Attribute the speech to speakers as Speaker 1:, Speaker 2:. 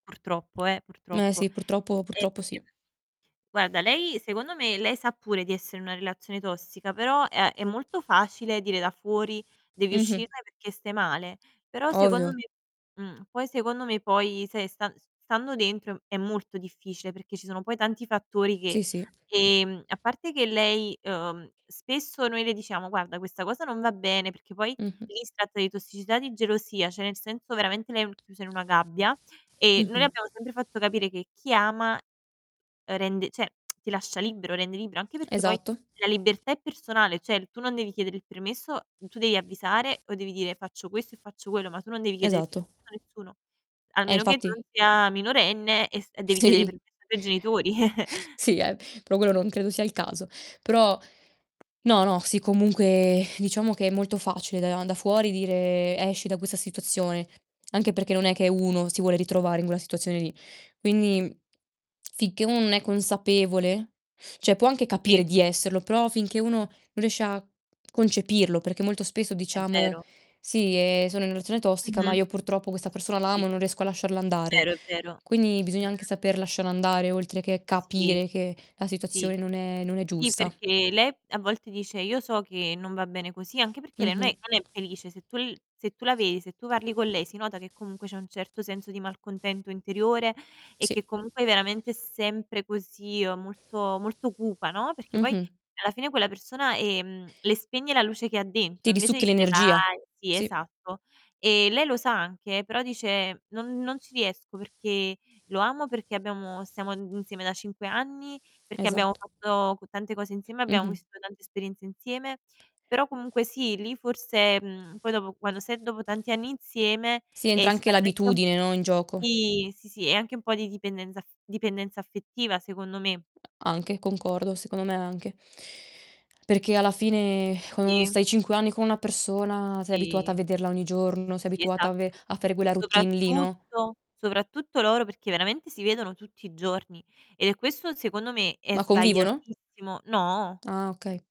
Speaker 1: Purtroppo, eh,
Speaker 2: Eh
Speaker 1: purtroppo.
Speaker 2: sì, purtroppo
Speaker 1: Ehm,
Speaker 2: purtroppo sì.
Speaker 1: guarda lei secondo me lei sa pure di essere in una relazione tossica, però è è molto facile dire da fuori: "Devi
Speaker 2: Mh-mh.
Speaker 1: uscirne perché stai male." Però secondo
Speaker 2: Ovvio.
Speaker 1: me mh, poi secondo me, poi, sai, stan s stando dentro è m è molto difficile, perché ci sono poi tanti fattori che
Speaker 2: Sì, sì.
Speaker 1: ehm, a parte che lei uhm, spesso noi le diciamo: "Guarda questa cosa non va bene." Perché poi
Speaker 2: Mh-mh.
Speaker 1: lì si tratta di tossicità, di gelosia, cioè nel senso veramente lei n chiusa in una gabbia e noi le
Speaker 2: Mh-mh.
Speaker 1: abbiamo sempre fatto capire che chi ama, uhm, rende cioè ti lascia libero, rende libro. Anche perché poi
Speaker 2: Esatto.
Speaker 1: la libertà è personale, cioè l tu non devi chiedere il permesso tu devi avvisare o devi dire: "Faccio questo e faccio quello." Ma tu non devi chiedere il
Speaker 2: Esatto.
Speaker 1: permesso a nessuno,
Speaker 2: Eh,
Speaker 1: almeno che tu
Speaker 2: infatti.
Speaker 1: non sia minorenne e s e devi chiedere
Speaker 2: Sì.
Speaker 1: permesso ai tuoi genitori.
Speaker 2: Sì, eh, poi quello non credo sia il caso. Però no, no, sì comunque diciamo che è molto facile da da fuori dire: "Esci da questa situazione." Anche perché non è che uno si vuole ritrovare in quella situazione lì. Quindi, sicchè non è consapevole cioè può anche
Speaker 1: Sì.
Speaker 2: capire di esserlo, però finché uno non riesce a concepirlo, perché molto spesso
Speaker 1: È
Speaker 2: diciamo:
Speaker 1: vero.
Speaker 2: "Sì, ehm, sono in una relazione tossica, ma
Speaker 1: Mh-mh.
Speaker 2: io purtroppo
Speaker 1: Sì, sì,
Speaker 2: questa
Speaker 1: sì,
Speaker 2: persona
Speaker 1: sì,
Speaker 2: la
Speaker 1: sì.
Speaker 2: amo e non riesco a lasciarla andare."
Speaker 1: Vero, è vero.
Speaker 2: Quindi bisogna anche
Speaker 1: Mh-mh.
Speaker 2: saper lasciare andare, oltre che
Speaker 1: Sì.
Speaker 2: capire che la
Speaker 1: Sì.
Speaker 2: situazione non è non è
Speaker 1: Sì,
Speaker 2: giusta.
Speaker 1: perché lei a volte dice: "Io so che non va bene così." Anche perché lei non
Speaker 2: Mh-mh.
Speaker 1: è non è felice. Se tu l se tu la vedi, se tu parli con lei si nota che comunque c'è un certo senso di malcontento interiore, e
Speaker 2: Sì.
Speaker 1: che comunque veramente è sempre così, uhm, molto molto cupa, no, perché poi
Speaker 2: Mh-mh.
Speaker 1: alla fine quella persona, ehm, le spegne la luce che ha dentro
Speaker 2: Ti
Speaker 1: invece
Speaker 2: risucchia
Speaker 1: di dire:
Speaker 2: l'energia,
Speaker 1: "Vai" Sì,
Speaker 2: sì.
Speaker 1: esatto. E lei lo sa anche, però dice: "Non non ci riesco perché lo amo, perché abbiamo stiamo insieme da 5 anni, perché abbiamo
Speaker 2: Esatto.
Speaker 1: fatto c tante cose insieme, abbiamo
Speaker 2: Mh-mh.
Speaker 1: vissuto tante esperienze insieme." Però comunque sì, lì forse mhmm, poi dopo quando sai dopo tanti anni insieme,
Speaker 2: Sì, entra
Speaker 1: ehm, si
Speaker 2: anche
Speaker 1: tratta anche
Speaker 2: l'abitudine, no, in gioco.
Speaker 1: Sì, sì, sì, è anche un po' di dipendenza af dipendenza affettiva secondo me.
Speaker 2: A Anche, concordo, secondo me anche. Perché alla fine, ecco,
Speaker 1: Sì.
Speaker 2: stai 5 anni con una persona sei abituata a
Speaker 1: Sì,
Speaker 2: vederla ogni
Speaker 1: sì,
Speaker 2: giorno, sei
Speaker 1: sì,
Speaker 2: abituata a ve
Speaker 1: esatto.
Speaker 2: a fare quella routine lì, no?
Speaker 1: Soprattutto soprattutto loro perché veramente si vedono tutti i giorni e questo, secondo me, è
Speaker 2: Ma convivono?
Speaker 1: sbagliatissimo No?
Speaker 2: Ah, okay.